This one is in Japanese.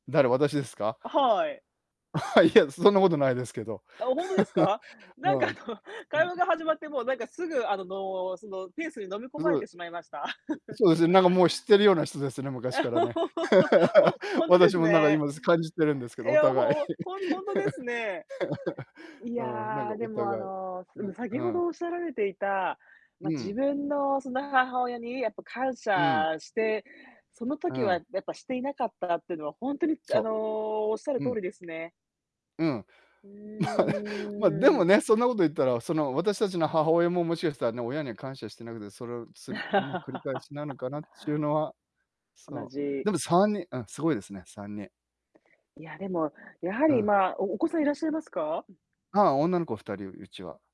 誰、私ですか？あ、はい。あ、いや、そんなことないですけど。あ、本当ですか。なうんかあん。の、会話が始ま [unintelligible] ってもうなんかすぐあの、そのペースに飲み [unintelligible] 込まれうてしまいました。そうですね。なんかもう知ってるような人ですね、昔か らね。本 本当で私すもなんかね。今す、感じてるんですけど、いおや互い。ほほん本当ですね。いああ、なんかやおでも、あ互い、の、うなんん、先うほん。どおっしゃられていた、ま、う自ん。分のその母親にやっぱ感うん。謝して、そのう時はん。やっぱしていなかったっていうのは本当にあそのおっしゃるう。う通ん。りですね。うん。う ま、でーもん。ね、そんなこと言ったらその私たちの母親ももしかしたらね、親に感謝してなくて、それを、つりくね繰り返しなのかなっちゅう のは、同そう、じでも3人あん、すごいですね、3人。いや、でも、やはうりん。まあおお子さんいらっしゃいますか？あ、女の子2人、うちは。